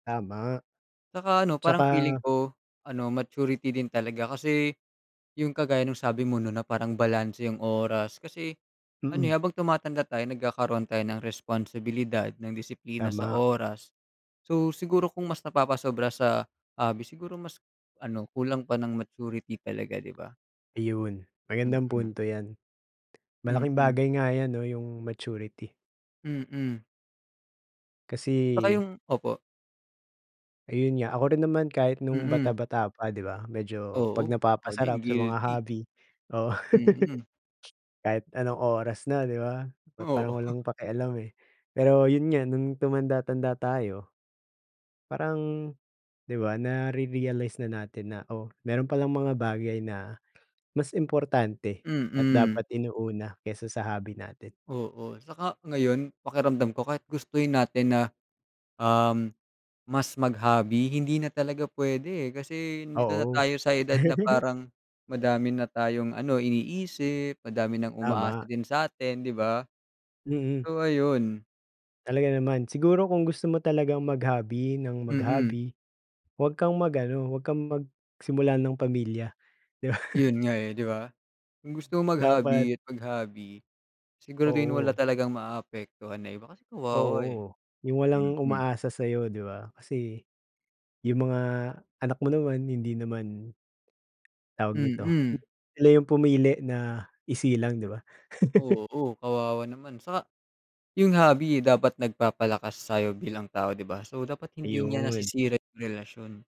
Tama. 'Tsaka, ano, parang feeling 'Tsaka ko, ano, maturity din talaga kasi, 'yong kagaya ng sabi mo, 'no, na parang balanse 'yong oras, kasi, ano, eh, Mm. habang tumatanda tayo, nagkakaroon tayo ng responsibilidad at disiplina sa Tama. oras. So, siguro kung mas napapasobra sa hobby, siguro mas, ano, kulang pa ng maturity talaga, 'di ba? Iyon, magandang Mhm. punto 'yan. Malaking Mhm. bagay nga 'yan, 'no, 'yong maturity. Mhm. 'Tsaka Kasi 'yong, opo. Ayun nga, ako rin naman kahit no'ng Mhm. bata-bata pa, 'di ba, medyo 'pag Oo, ako napapasarap din sa mga guilty. hobby, oh. Mhm. Kahit anong oras na, 'di ba? Pa Oo. parang walang pakialam, eh. Pero 'yon nga, no'ng tumanda-tanda tayo parang, 'di ba, nare-realize na natin na, "Oh, mayro'n palang mga bagay na mas importante at Mhm. dapat inuuna kaysa sa hobby natin." Oo, 'tsaka ngayon, pakiramdam ko, kahit gustuhin natin na, um, mas mag-hobby, hindi na talaga puwede, eh. Kasi nandito na Oo. tayo sa edad na parang madami na tayong, ano, iniisip, madami nang umaasa Tama. din sa atin, 'di ba? Mm. So, ayun. Talaga naman. Siguro kung gusto mo talagang mag-hobby nang Mhm. mag-hobby huwag kang mag-ano, huwag kang magsimula ng pamilya, 'di ba? 'Yon nga, eh, 'di ba? Kung gusto mong Dapat mag-hobby at mag-hobby, siguraduhin mo wala Oo. talagang maapektuhan na iba kasi kawawa, eh, Oo. 'Yong walang mhm. umaasa sa 'yo, 'di ba, kasi, 'yong mga anak mo naman hindi naman tawag nito, Mhm. sila 'yong pumili na isilang, 'di ba? Oo, kawawa naman. 'Tsaka 'yong hobby dapat nagpapalakas sa 'yo bilang tao, 'di ba? So, dapat hindi niya Ayun. nasisira 'yong relasyon.